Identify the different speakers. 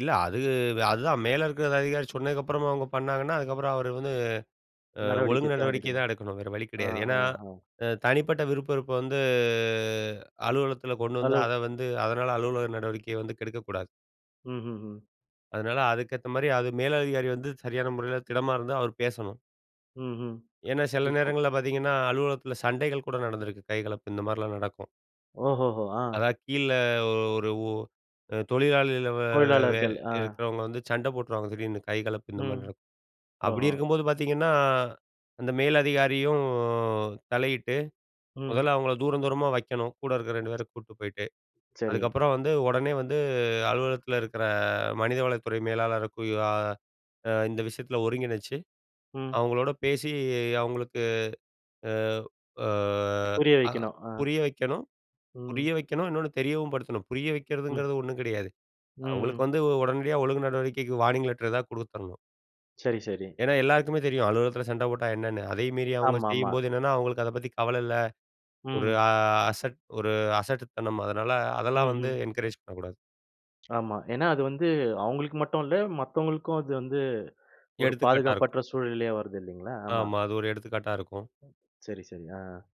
Speaker 1: இல்ல. அது அதுதான் மேல இருக்கிற அதிகாரி சொன்னதுக்கப்புறமும் அவுங்க பண்ணாங்கன்னா, அதுக்கப்புறம் அவரு வந்து அ
Speaker 2: நடவடிக்கை
Speaker 1: ஒழுங்கு
Speaker 2: தான்
Speaker 1: நடவடிக்கை தான்
Speaker 2: எடுக்கணும்.
Speaker 1: எடுக்கணும், வேற வழி
Speaker 2: ஆ,
Speaker 1: கிடையாது. ஏன்னா,
Speaker 2: ஆ, ஆ.
Speaker 1: அ தனிப்பட்ட விருப்பு வெறுப்ப வந்து அலுவலகத்தில கொண்டு வந்து அத
Speaker 2: [unintelligible]
Speaker 1: வந்து அதனால அலுவலக நடவடிக்கைய வந்து கெடுக்கக்கூடாது.
Speaker 2: ம், ம், ம்.
Speaker 1: அதனால அதுக்கு ஏத்தமாரி அது மேலதிகாரி வந்து சரியான முறையில திடமா இருந்தா, அவரு பேசணும்.
Speaker 2: ம்ஹ்ம்.
Speaker 1: ஏன்னா, சில
Speaker 2: [unintelligible]
Speaker 1: நேரங்கள்ல பார்த்தீங்கன்னா, அலுவலகத்தில சண்டைகள் கூட நடந்திருக்கு. கைகலப்பு இந்தமாரிலாம் நடக்கும்.
Speaker 2: ஓஹோஹோ! அ.
Speaker 1: அதா கீழ ஒரு, ஒ தொழிலாளில வ வெ வெ
Speaker 2: தொழிலாளர்கள், அ.
Speaker 1: இருக்கிறவங்க வந்து சண்ட போட்ருவாங்க. திடீர்ன்னு கைகலப்பு இந்தமாரி
Speaker 2: ம்.
Speaker 1: நடக்கும். அப்பிடி
Speaker 2: ஓஹோ!
Speaker 1: இருக்கும்போது பார்த்தீங்கன்னா, அந்த மேலதிகாரியும் தலையிட்டு
Speaker 2: ம்.
Speaker 1: முதல்ல அவுங்கள தூரம் தூரமா வைக்கணும். கூட இருக்கிற 2 பேர கூட்டு போயிட்டு.
Speaker 2: சரி.
Speaker 1: அதுக்கப்பறம் வந்து உடனே வந்து அலுவலகத்தில இருக்கிற மனிதவளத்துறை மேலாளருக்கோ [unintelligible] அ இந்த விஷயத்தில ஒருங்கிணைச்சு,
Speaker 2: ம்.
Speaker 1: அவுங்களோட பேசி அவுங்களுக்கு அ, அ,
Speaker 2: புரிய
Speaker 1: அ
Speaker 2: வைக்கணும், ஆ.
Speaker 1: புரிய வைக்கணும் புரிய
Speaker 2: ம்.
Speaker 1: வைக்கணும், இன்னொன்னு தெரியவும் படுத்தணும். புரிய
Speaker 2: ம்.
Speaker 1: வைக்கிறதுங்கிறது ஒண்ணும் கிடையாது.
Speaker 2: ம், ம்.
Speaker 1: அவுங்களுக்கு வந்து உடனடியா ஒழுங்கு நடவடிக்கைக்கு வார்னிங் லெட்ரு எதாவது கொடுத்துர்ணும்.
Speaker 2: சரி, சரி.
Speaker 1: ஏனா எல்லாருக்குமே தெரியும். அலுவலகத்தில சண்ட போட்டா என்னன்னு. அதையும் மீறி அவுங்க
Speaker 2: ஆமா, ஆமா.
Speaker 1: செய்யும்போது என்னன்னா, அவுங்களுக்கு அத பத்தி கவல இல்ல. ஒரு
Speaker 2: ம்.
Speaker 1: அசட் ஒரு அ அசட் ஒரு அசட்டுத்தனம், அதனால
Speaker 2: ம்,
Speaker 1: அதெல்லாம் வந்து
Speaker 2: ம்.
Speaker 1: என்கரேஜ் பண்ணக்கூடாது.
Speaker 2: ஆமா. ஏன்னா அது வந்து அவுங்களுக்கு மட்டும் இல்ல, மத்தவங்களுக்கும் அது வந்து ஒரு
Speaker 1: எடுத்துக்காட்டா இருக்கும்.
Speaker 2: பாதுகாப்பற்ற சூழ்நிலயா வருது இல்லேங்களா! ஆமா.
Speaker 1: ஆமா. அது ஒரு எடுத்துக்காட்டா இருக்கும்.
Speaker 2: சரி, சரி. ஆ.